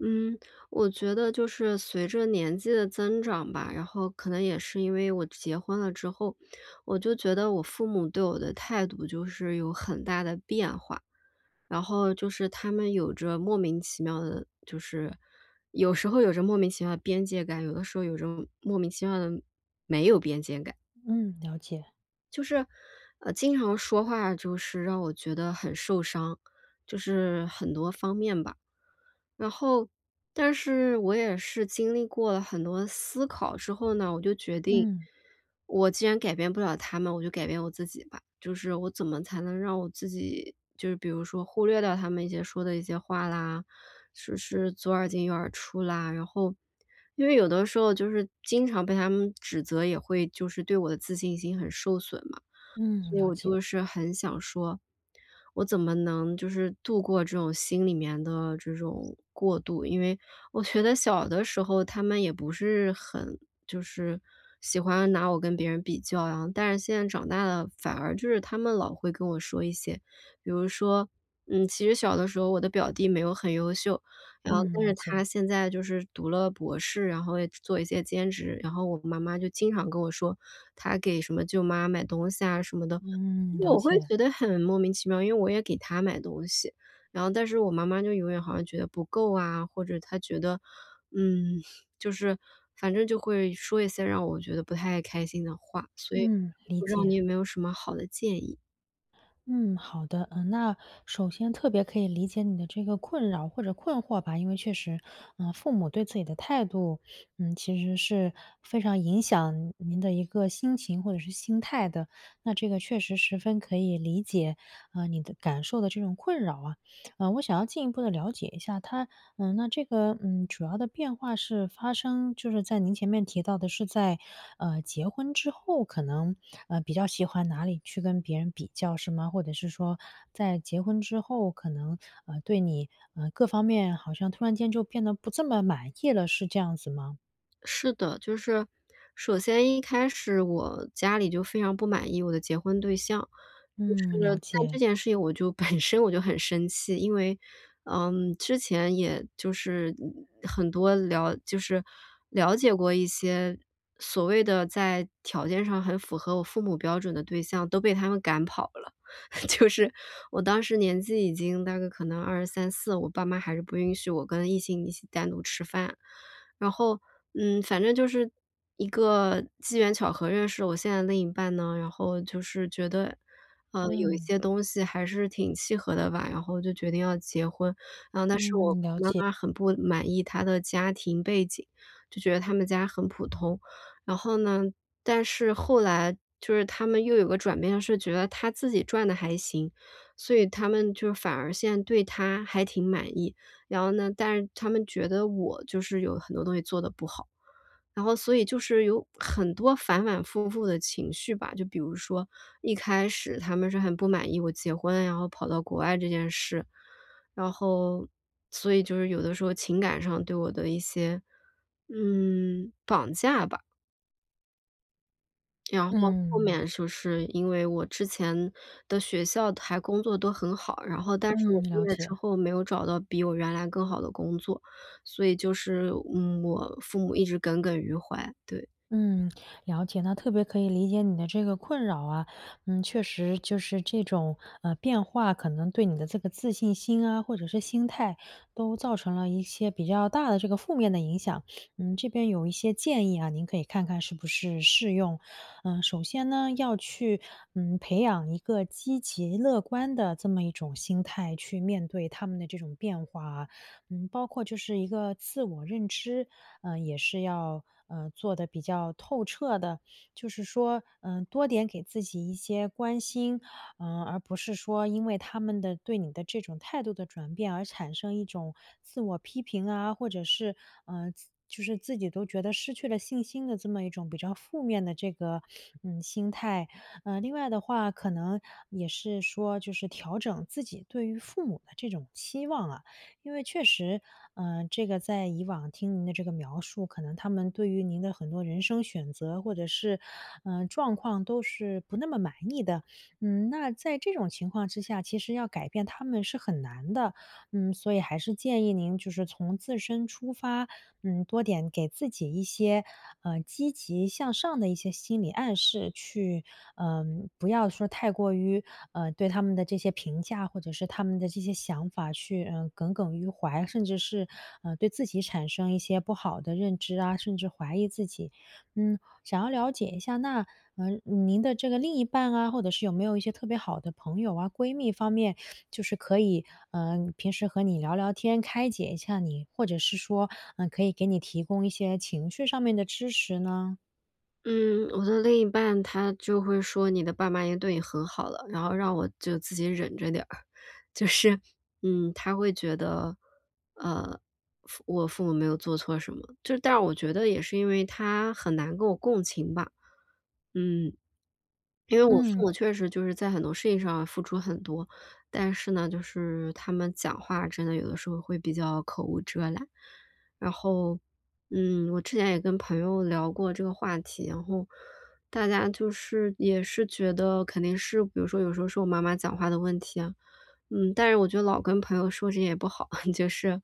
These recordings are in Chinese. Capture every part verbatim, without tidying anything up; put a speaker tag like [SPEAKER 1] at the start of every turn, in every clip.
[SPEAKER 1] 嗯，我觉得就是随着年纪的增长吧，然后可能也是因为我结婚了之后，我就觉得我父母对我的态度就是有很大的变化，然后就是他们有着莫名其妙的就是有时候有着莫名其妙的边界感，有的时候有着莫名其妙的没有边界感。
[SPEAKER 2] 嗯，了解。
[SPEAKER 1] 就是呃，经常说话就是让我觉得很受伤，就是很多方面吧。然后但是我也是经历过了很多的思考之后呢，我就决定，
[SPEAKER 2] 嗯。
[SPEAKER 1] 我既然改变不了他们，我就改变我自己吧。就是我怎么才能让我自己就是比如说忽略掉他们一些说的一些话啦，就是左耳进右耳出啦。然后因为有的时候就是经常被他们指责，也会就是对我的自信心很受损嘛，
[SPEAKER 2] 嗯，
[SPEAKER 1] 所以
[SPEAKER 2] 了
[SPEAKER 1] 我
[SPEAKER 2] 解。
[SPEAKER 1] 就是很想说，我怎么能就是度过这种心里面的这种过渡。因为我觉得小的时候他们也不是很就是喜欢拿我跟别人比较啊，但是现在长大了反而就是他们老会跟我说一些比如说嗯，其实小的时候我的表弟没有很优秀，然后
[SPEAKER 2] 嗯，
[SPEAKER 1] 但
[SPEAKER 2] 了
[SPEAKER 1] 是
[SPEAKER 2] 解。
[SPEAKER 1] 他现在就是读了博士，然后也做一些兼职，然后我妈妈就经常跟我说他给什么舅妈买东西啊什么的，
[SPEAKER 2] 嗯，了
[SPEAKER 1] 我会
[SPEAKER 2] 解。
[SPEAKER 1] 觉得很莫名其妙，因为我也给她买东西，然后但是我妈妈就永远好像觉得不够啊，或者她觉得嗯，就是反正就会说一些让我觉得不太开心的话，所以
[SPEAKER 2] 嗯，理
[SPEAKER 1] 不知道你
[SPEAKER 2] 解。
[SPEAKER 1] 有没有什么好的建议。
[SPEAKER 2] 嗯，好的，嗯，那首先特别可以理解你的这个困扰或者困惑吧，因为确实，呃，父母对自己的态度，嗯，其实是非常影响您的一个心情或者是心态的，那这个确实十分可以理解，嗯，你的感受的这种困扰啊。呃，我想要进一步地了解一下他嗯，那这个嗯，主要的变化是发生就是在您前面提到的是在，呃，结婚之后，可能，呃，比较喜欢哪里去跟别人比较是吗？或者是说在结婚之后，可能，呃，对你，呃，各方面好像突然间就变得不这么满意了，是这样子吗？
[SPEAKER 1] 是的，就是首先一开始我家里就非常不满意我的结婚对象，就
[SPEAKER 2] 嗯，
[SPEAKER 1] 是
[SPEAKER 2] 了
[SPEAKER 1] 在这
[SPEAKER 2] 解。
[SPEAKER 1] 件事情我就本身我就很生气。因为，嗯，之前也就是很多了就是了解过一些所谓的在条件上很符合我父母标准的对象都被他们赶跑了。就是我当时年纪已经大概可能二十三四，我爸妈还是不允许我跟异性一起单独吃饭。然后嗯，反正就是一个机缘巧合认识我现在另一半呢，然后就是觉得，呃，有一
[SPEAKER 2] 嗯。
[SPEAKER 1] 些东西还是挺契合的吧，然后就决定要结婚。呃，但是我
[SPEAKER 2] 嗯，了
[SPEAKER 1] 妈
[SPEAKER 2] 解。
[SPEAKER 1] 妈很不满意他的家庭背景，就觉得他们家很普通，然后呢，但是后来就是他们又有个转变是觉得他自己赚得还行，所以他们就反而现对他还挺满意。然后呢但是他们觉得我就是有很多东西做得不好，然后所以就是有很多反反复复的情绪吧，就比如说一开始他们是很不满意我结婚，然后跑到国外这件事，然后所以就是有的时候情感上对我的一些，嗯，绑架吧。然后后
[SPEAKER 2] 嗯。
[SPEAKER 1] 面就是因为我之前的学校还工作都很好，然后但是我
[SPEAKER 2] 嗯，
[SPEAKER 1] 毕
[SPEAKER 2] 了
[SPEAKER 1] 业之
[SPEAKER 2] 解。
[SPEAKER 1] 后没有找到比我原来更好的工作。所以就是，嗯，我父母一直耿耿于怀，对。
[SPEAKER 2] 嗯，了解，那特别可以理解你的这个困扰啊。嗯，确实就是这种，呃，变化可能对你的这个自信心啊，或者是心态，都造成了一些比较大的这个负面的影响。嗯，这边有一些建议啊，您可以看看是不是适用。呃，首先呢，要去，嗯，培养一个积极乐观的这么一种心态，去面对他们的这种变化啊。嗯，包括就是一个自我认知，呃，也是要，呃，做得比较透彻的。就是说，嗯，多点给自己一些关心，嗯，而不是说因为他们的对你的这种态度的转变而产生一种自我批评啊，或者是，呃，自就是自己都觉得失去了信心的这么一种比较负面的这个，嗯，心态。呃，另外的话，可能也是说就是调整自己对于父母的这种期望啊。因为确实，呃，这个在以往听您的这个描述，可能他们对于您的很多人生选择，或者是，呃，状况都是不那么满意的。嗯，那在这种情况之下，其实要改变他们是很难的。嗯，所以还是建议您就是从自身出发，嗯，多点给自己一些，呃，积极向上的一些心理暗示去呃，不要说太过于，呃，对他们的这些评价，或者是他们的这些想法去，呃，耿耿于怀。甚至是，呃，对自己产生一些不好的认知啊，甚至怀疑自己。嗯，想要了解一下，那，呃，您的这个另一半啊，或者是有没有一些特别好的朋友啊、闺蜜方面，就是可以，呃，平时和你聊聊天，开解一下你，或者是说，呃，可以给你提供一些情趣上面的支持呢？
[SPEAKER 1] 嗯，我的另一半他就会说：“你的爸妈已经对你很好了。”然后让我就自己忍着点儿。就是，嗯，他会觉得，呃，父我父母没有做错什么。就是但是我觉得也是因为他很难跟我共情吧，嗯。因为我父
[SPEAKER 2] 嗯。
[SPEAKER 1] 母确实就是在很多事情上付出很多，但是呢，就是他们讲话真的有的时候会比较口无遮拦。然后，嗯，我之前也跟朋友聊过这个话题，然后大家就是也是觉得肯定是比如说有时候是我妈妈讲话的问题啊，嗯，但是我觉得老跟朋友说这些也不好。就是，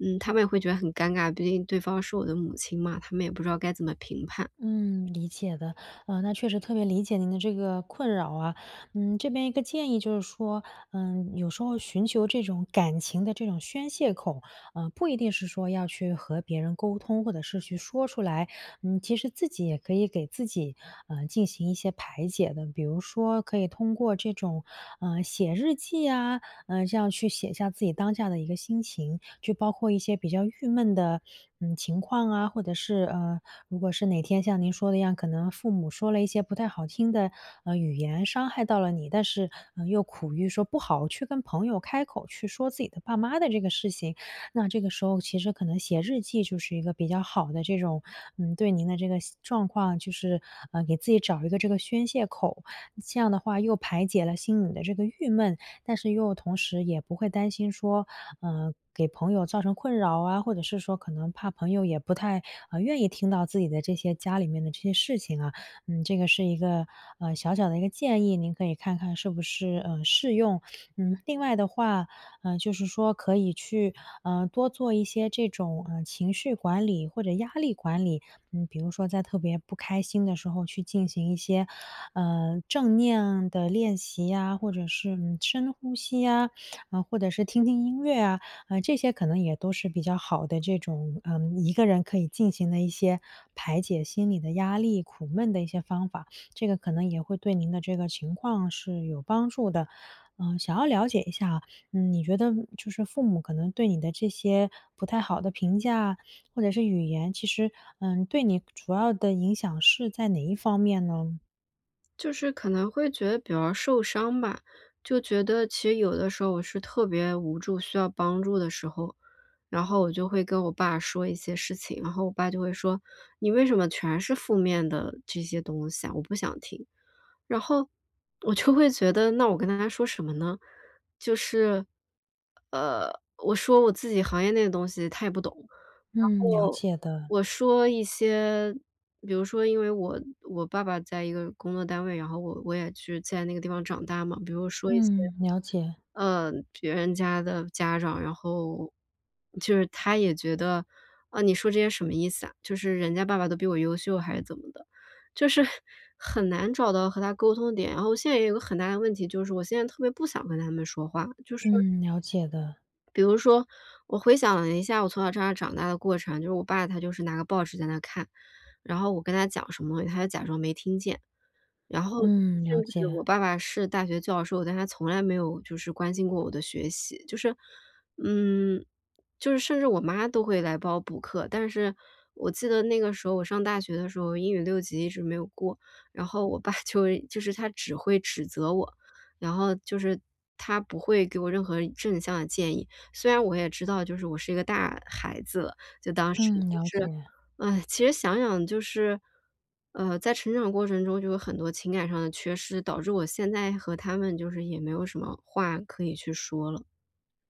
[SPEAKER 1] 嗯，他们也会觉得很尴尬，毕竟对方是我的母亲嘛，他们也不知道该怎么评判。
[SPEAKER 2] 嗯，理解的。呃，那确实特别理解您的这个困扰啊。嗯，这边一个建议就是说，呃，有时候寻求这种感情的这种宣泄口，呃，不一定是说要去和别人沟通或者是去说出来，嗯，其实自己也可以给自己，呃，进行一些排解的。比如说可以通过这种，呃，写日记啊，呃，这样去写下自己当下的一个心情。就包括一些比较郁闷的，嗯，情况啊，或者是呃，如果是哪天像您说的一样，可能父母说了一些不太好听的，呃，语言，伤害到了你，但是，嗯，又苦于说不好去跟朋友开口去说自己的爸妈的这个事情，那这个时候其实可能写日记就是一个比较好的这种，嗯，对您的这个习状况，就是，呃，给自己找一个这个宣泄口。计样的话又排解了心里的这个郁闷，但是又同时也不会担心说，呃，给朋友造成困扰啊，或者是说可能怕朋友也不太，呃，愿意听到自己的这些家里面的这些事情啊。嗯，这个是一个，呃，小小的一个建议，您可以看看是不是，呃，适用。嗯，另外的话，嗯，就是说可以去，呃，多做一些这种，呃，情绪管理或者压力管理。嗯，比如说在特别不开心的时候去进行一些，呃，正念啊的练习呀或者是，嗯，深呼吸呀，呃，或者是听听音乐啊。呃，这些可能也都是比较好的这种，呃，一个人可以进行的一些排解心理的压力、苦闷的一些方法，这个可能也会对您的这个情况是有帮助的。呃，想要了解一下啊，嗯，你觉得，嗯，就是父母可能对你的这些不太好的评价或者是语言，其实，嗯，对你个主要的影响是在哪一方面呢？
[SPEAKER 1] 就是可能会觉得比较受伤吧。就觉得其实有的时候我是特别无助、需要帮助的时候，然后我就会跟我爸说一些事情。然后我爸就会说：“你为什么全是负面的这些东西啊？我不想听。”然后我就会觉得那我跟他还说什么呢？就是，呃，我说我自己行业内的东西他也不懂。
[SPEAKER 2] 嗯。
[SPEAKER 1] 然
[SPEAKER 2] 嗯，了
[SPEAKER 1] 后，
[SPEAKER 2] 解的。
[SPEAKER 1] 我说一些比如说因为我我爸爸在一个工作单位，然后我我也去在那个地方长大嘛。比如说一些，
[SPEAKER 2] 嗯，了解。
[SPEAKER 1] 呃，别人家的家长，然后就是他也觉得：“啊，你说这些什么意思啊？就是人家爸爸都比我优秀还是怎么的？”就是，很难找到和他沟通的点。然后现在也有一个很大的问题，就是我现在特别不想跟他们说话，就是
[SPEAKER 2] 嗯，了解的。
[SPEAKER 1] 比如说，我回想了一下我从小在这儿长大的过程，就是我爸他就是拿个报纸在那看。然后我跟他讲什么，他就假装没听见。然后
[SPEAKER 2] 嗯，了
[SPEAKER 1] 甚至
[SPEAKER 2] 解。
[SPEAKER 1] 我爸爸是大学教授，但是他从来没有就是关心过我的学习。就是，嗯，就是甚至我妈都会来帮我补课。但是我记得那个时候我上大学的时候，英语六级一直没有过。然后我爸就是一就是他只会指责我，然后就是他不会给我任何正向的建议。虽然我也知道就是我是一个大孩子了就当时，
[SPEAKER 2] 嗯，
[SPEAKER 1] 但
[SPEAKER 2] 了
[SPEAKER 1] 是，
[SPEAKER 2] 解。
[SPEAKER 1] 唉，其实想想就是，呃，在成长过程中就有很多情感上的缺失，导致我现在和他们就是也没有什么话可以去说了。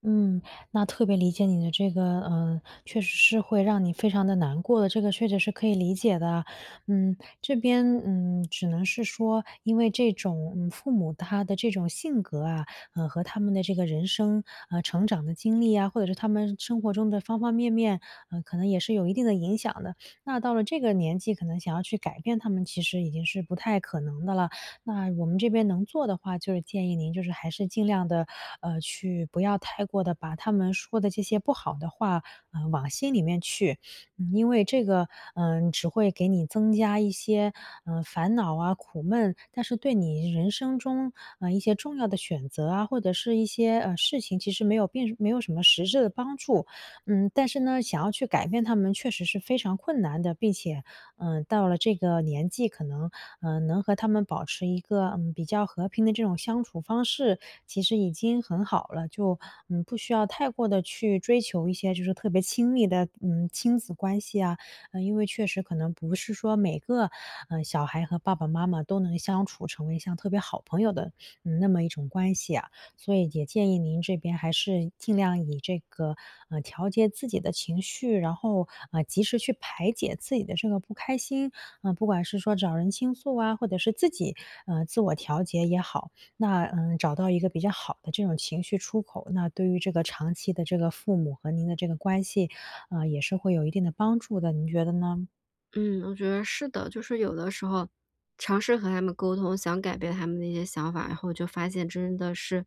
[SPEAKER 2] 嗯，那特别理解你的这个嗯，确实是会让你非常地难过的，这个确实是可以理解的。嗯，这边，嗯，只能是说因为这种嗯，父母他的这种性格啊，呃，和他们的这个人生，啊，成长的经历啊，或者是他们生活中的方方面面，呃，可能也是有一定地影响的。那到了这个年纪可能想要去改变他们其实已经是不太可能的了，那我们这边能做的话就是建议您就是还是尽量地，呃，去不要太过地把他们说的这些不好的话，呃，往心里面去。嗯，因为这个，呃，只会给你增加一些，呃，烦恼啊、苦闷，但是对你人生中，呃，一些重要的选择啊，或者是一些呃，事情其实没有并没有什么实质的帮助。嗯，但是呢，想要去改变他们确实是非常困难的，并且，呃，到了这个年纪，可能，呃，能和他们保持一个，嗯，比较和平的这种相处方式，其实已经很好了。就，嗯，不需要太过地去追求一些就是特别亲密的嗯，亲子关系呀。嗯，因为确实可能不是说每个，呃，小孩和爸爸妈妈都能相处成为像特别好朋友的，嗯，那么一种关系啊。所以也建议您这边还是尽量以这个，呃，调节自己的情绪，然后，呃，及时去排解自己的这个不开心，呃，不管是说找人倾诉啊，或者是自己，呃，自我调节也好。那，呃，找到一个比较好的这种情绪出口，那对于这个长期的这个父母和您的这个关系，呃，也是会有一定的帮助的，您觉得呢？
[SPEAKER 1] 嗯，我觉得是的。就是有的时候，尝试和他们沟通，想改变他们的一些想法，然后就发现真的是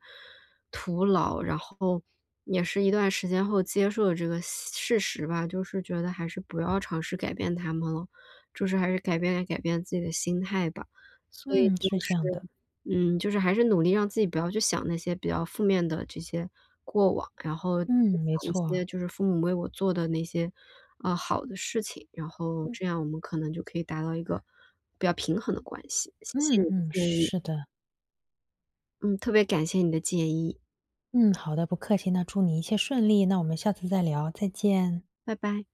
[SPEAKER 1] 徒劳。然后也是一段时间后接受了这个现事实吧，就是觉得还是不要尝试改变他们了，就是还是改变改变自己的心态吧。所以
[SPEAKER 2] 嗯，
[SPEAKER 1] 就
[SPEAKER 2] 是这
[SPEAKER 1] 是
[SPEAKER 2] 样的。
[SPEAKER 1] 嗯，就是还是努力让自己不要去想那些比较负面的这些过往，然后就
[SPEAKER 2] 嗯，没
[SPEAKER 1] 想一
[SPEAKER 2] 错。
[SPEAKER 1] 些就是父母为我做的那些，呃，好的事情，然后
[SPEAKER 2] 嗯。
[SPEAKER 1] 这样我们可能就可以达到一个，比较平衡的关系，谢谢
[SPEAKER 2] 嗯
[SPEAKER 1] 你的
[SPEAKER 2] 嗯，
[SPEAKER 1] 建
[SPEAKER 2] 是
[SPEAKER 1] 议。
[SPEAKER 2] 是的。
[SPEAKER 1] 嗯，特别感谢你的建议。
[SPEAKER 2] 嗯，好的，不客气。那祝你一切顺利，那我们下次再聊，再见。
[SPEAKER 1] 拜拜。